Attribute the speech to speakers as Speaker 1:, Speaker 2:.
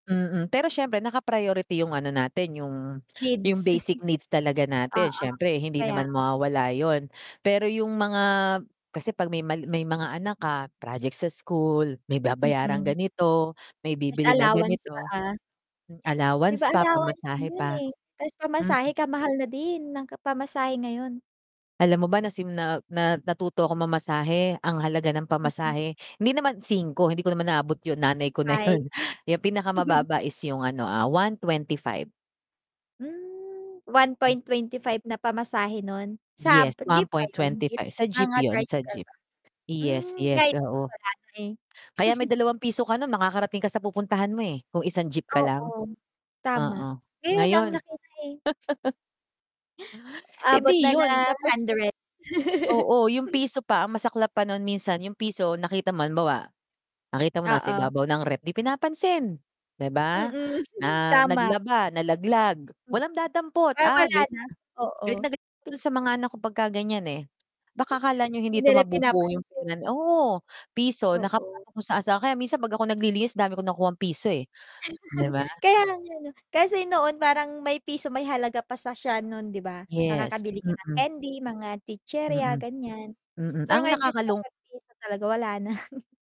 Speaker 1: Mm, pero siyempre naka-priority yung ano natin, yung yung
Speaker 2: Needs.
Speaker 1: basic needs talaga natin
Speaker 2: Oo,
Speaker 1: siyempre hindi
Speaker 2: kaya
Speaker 1: naman
Speaker 2: nga.
Speaker 1: mawawala yun. Pero yung mga kasi 'pag may mal may mga anak ka, project sa school, may babayarang
Speaker 2: Mm.
Speaker 1: ganito, may
Speaker 2: Ta's
Speaker 1: bibilhin na
Speaker 2: allowance pa
Speaker 1: ganito.
Speaker 2: ah. Di
Speaker 1: Allowance
Speaker 2: ba,
Speaker 1: pa,
Speaker 2: allowance mo
Speaker 1: pamasahe
Speaker 2: yun
Speaker 1: pa
Speaker 2: eh, ta's
Speaker 1: mm.
Speaker 2: pamasahe ka-mahal na din ng ka pamasahe ngayon.
Speaker 1: Alam mo ba nasim na ah, na natuto akong mamasahe ang halaga ng
Speaker 2: Mm.
Speaker 1: pamasahe, hindi naman 5 hindi ko naman naabot yung nanay ko na
Speaker 2: Ay.
Speaker 1: yun yung pinakamababa is yung ano ah 125.
Speaker 2: Hmm, one
Speaker 1: Hmm.
Speaker 2: point twenty five na pamasahe nun? Sa
Speaker 1: Yes,
Speaker 2: jeep
Speaker 1: one
Speaker 2: ba
Speaker 1: point
Speaker 2: yun?
Speaker 1: twenty
Speaker 2: Jeep
Speaker 1: five sa jeep
Speaker 2: mga
Speaker 1: yun, sa
Speaker 2: tricycle
Speaker 1: jeep.
Speaker 2: ba?
Speaker 1: Yes,
Speaker 2: Hmm,
Speaker 1: yes,
Speaker 2: ngayon
Speaker 1: oo.
Speaker 2: wala na eh.
Speaker 1: Kaya may ₱2 ka makakarating ka sa pupuntahan mo eh, kung 1 jeep ka lang?
Speaker 2: Oo, tama.
Speaker 1: Oo,
Speaker 2: Ngayon ang
Speaker 1: ngayon
Speaker 2: laki na eh.
Speaker 1: Eh
Speaker 2: Abot na
Speaker 1: di yun,
Speaker 2: ng
Speaker 1: tapos
Speaker 2: hundred.
Speaker 1: oo yung piso pa ang masaklap pa non minsan yung piso nakita mo halimbawa, nakita mo nasa
Speaker 2: Oo.
Speaker 1: ibabaw ng ref 'di pinapansin, di ba?
Speaker 2: Mm,
Speaker 1: Na
Speaker 2: tama.
Speaker 1: naglaba, nalaglag,
Speaker 2: Mm.
Speaker 1: walang dadampot
Speaker 2: Ah,
Speaker 1: ah,
Speaker 2: wala
Speaker 1: galit
Speaker 2: na?
Speaker 1: galit
Speaker 2: Oo.
Speaker 1: na galit dun sa mga anak ko pagka ganyan eh. Baka akala niyo hindi
Speaker 2: Hindi
Speaker 1: ito
Speaker 2: nila
Speaker 1: mabubuo
Speaker 2: pinapansin.
Speaker 1: yung pera oo, piso
Speaker 2: Oo.
Speaker 1: nakapasok na sa asa kaya minsan 'pag ako naglilinis dami kong nakukuhang piso eh, di ba?
Speaker 2: Kaya nga 'no, kasi noon parang may piso may halaga pa sa siya nun di ba?
Speaker 1: Yes,
Speaker 2: Makakabili ka ng
Speaker 1: mm.
Speaker 2: candy, mga chichirya
Speaker 1: Mm,
Speaker 2: ganyan.
Speaker 1: mm,
Speaker 2: Pero
Speaker 1: ang
Speaker 2: ngayon kasi
Speaker 1: nakakalung
Speaker 2: kapag piso talaga wala na.